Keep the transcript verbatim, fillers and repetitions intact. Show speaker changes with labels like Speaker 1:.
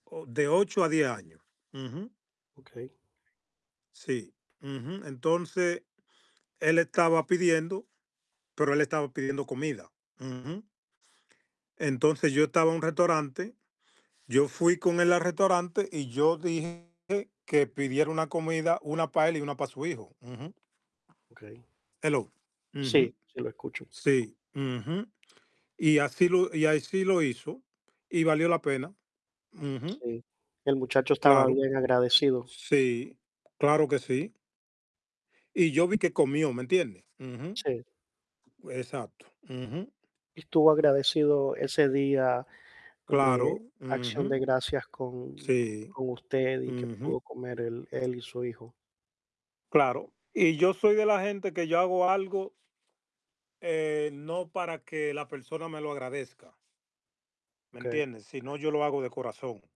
Speaker 1: O de ocho a diez años. Ujú.
Speaker 2: Okey.
Speaker 1: Sí. Ujú. Entonces, él estaba pidiendo, pero él estaba pidiendo comida. Ujú. Entonces, yo estaba en un restaurante, yo fui con él al restaurante y yo dije que pidiera una comida, una para él y una para su hijo. Ujú.
Speaker 2: Okey.
Speaker 1: Hello.
Speaker 2: Sí,
Speaker 1: Ujú.
Speaker 2: sí lo escucho.
Speaker 1: Sí. Ujú. Y así lo y así lo hizo y valió la pena. Ujú.
Speaker 2: Sí, el muchacho estaba
Speaker 1: Claro.
Speaker 2: bien agradecido.
Speaker 1: Sí, claro que sí. Y yo vi que comió, ¿me entiendes? Ujú.
Speaker 2: Sí.
Speaker 1: Exacto. Ujú.
Speaker 2: Estuvo agradecido ese día de
Speaker 1: Claro.
Speaker 2: Acción de
Speaker 1: Ujú.
Speaker 2: Gracias con
Speaker 1: Sí.
Speaker 2: con usted y que
Speaker 1: Ujú.
Speaker 2: pudo comer él él y su hijo.
Speaker 1: Claro. Y yo soy de la gente que yo hago algo ...eh, no para que la persona me lo agradezca. ¿Me
Speaker 2: Okey.
Speaker 1: entiendes? Sino yo lo hago de corazón.